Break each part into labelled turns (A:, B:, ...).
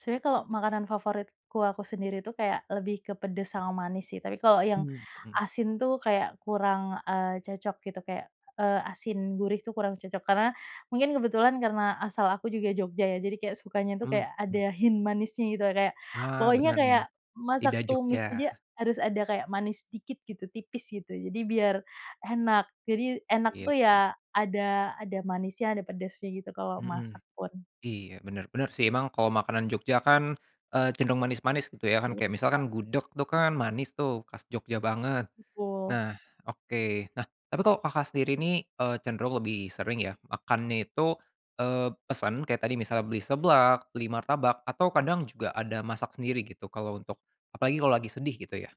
A: Sebenarnya kalau makanan favoritku, aku sendiri itu kayak, lebih ke pedes sama manis, sih. Tapi, kalau yang
B: Mmm, mhm.
A: asin tuh, kayak kurang, eee, cocok gitu, kayak, eee, asin gurih itu kurang cocok. Karena mungkin kebetulan, karena asal aku juga Jogja, ya, jadi kayak sukanya tuh
B: Mmm,
A: kayak,
B: mhm.
A: ada hint manisnya gitu, ya, kayak
B: Ah,
A: pokoknya
B: benernya,
A: kayak, masak
B: lidah Jogja.
A: tumis aja harus ada kayak manis dikit, gitu, tipis, gitu. Jadi biar enak, jadi enak
B: Iya,
A: tuh,
B: sih.
A: ya, ada ada manisnya, ada pedasnya, gitu, kalau
B: Mhm.
A: masak pun.
B: Iya, benar, benar sih, emang kalau makanan Jogja kan, eee, cenderung manis-manis, gitu ya, kan,
A: Iya,
B: kayak
A: Kak.
B: misalkan gudeg tuh, kan, manis tuh, khas Jogja banget.
A: Betul.
B: Nah, oke, nah, tapi kalau Kakak sendiri nih, eee, cenderung lebih sering ya, makannya itu, eee, pesen, kayak tadi misalnya beli seblak, beli martabak, atau kadang juga ada masak sendiri, gitu, kalau untuk apalagi kalau lagi sedih, gitu ya?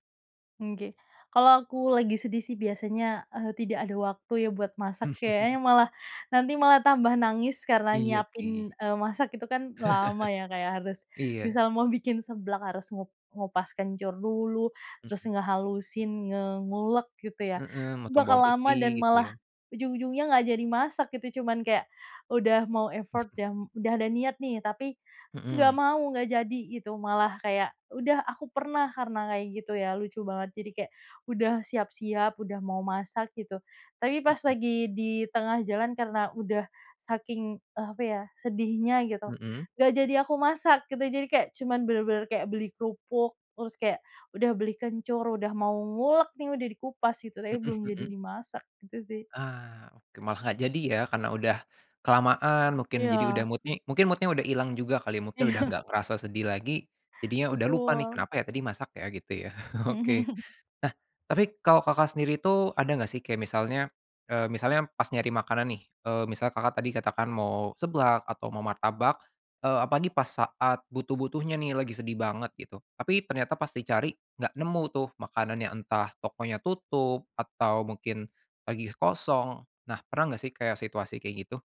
A: Nggih. Kalau aku lagi sedih sih, biasanya, eee, tidak ada waktu ya, buat masak, kayaknya, malah nanti malah tambah nangis karena
B: Iya, sih.
A: nyiapin, eee, masak, itu kan, lama ya, kayak harus
B: Iya.
A: misal mau bikin seblak harus ngup ngupas kencur dulu, terus
B: Mhm.
A: ngehalusin, nge ngulek gitu ya,
B: Heeh, makan
A: bakal
B: bawang
A: lama
B: putih,
A: dan
B: gitu ya?
A: malah, ujung-ujungnya nggak jadi masak, gitu. Cuman kayak, udah mau effort, ya, udah ada niat nih, tapi nggak
B: Mhm.
A: mau, nggak jadi, gitu, malah, kayak udah aku pernah karena kayak gitu ya, lucu banget. Jadi kayak, udah siap-siap, udah mau masak, gitu. Tapi pas
B: Mhm.
A: lagi di tengah jalan karena udah saking, eee, apa ya, sedihnya, gitu,
B: Mhm?
A: nggak jadi aku masak, gitu. Jadi kayak, cuman bener-bener kayak, beli kerupuk, terus kayak, udah beli kencur, udah mau ngulek nih, udah dikupas, gitu. Tapi
B: Mhm
A: belum jadi
B: mhm.
A: dimasak, gitu sih.
B: Ah, oke, malah nggak jadi, ya? Karena udah kelamaan mungkin, jadi udah,
A: Iya.
B: mood-nya mungkin mood-nya udah ilang juga kali, mungkin udah
A: Iya.
B: nggak kerasa sedih lagi, jadinya udah lupa nih,
A: Betul.
B: "Kenapa ya? Tadi masak ya?" Gitu ya? Oke. Nah, tapi kalau Kakak sendiri itu, ada nggak sih? Kayak misalnya, eee, misalnya pas nyari makanan nih, eee, misal Kakak tadi katakan mau seblak, atau mau martabak, eee, apalagi pas saat butuh-butuhnya nih, lagi sedih banget, gitu. Tapi ternyata pas di cari, nggak nemu tuh, makanannya, entah tokonya tutup atau mungkin lagi kosong. Nah, pernah enggak sih, kayak, situasi kayak gitu?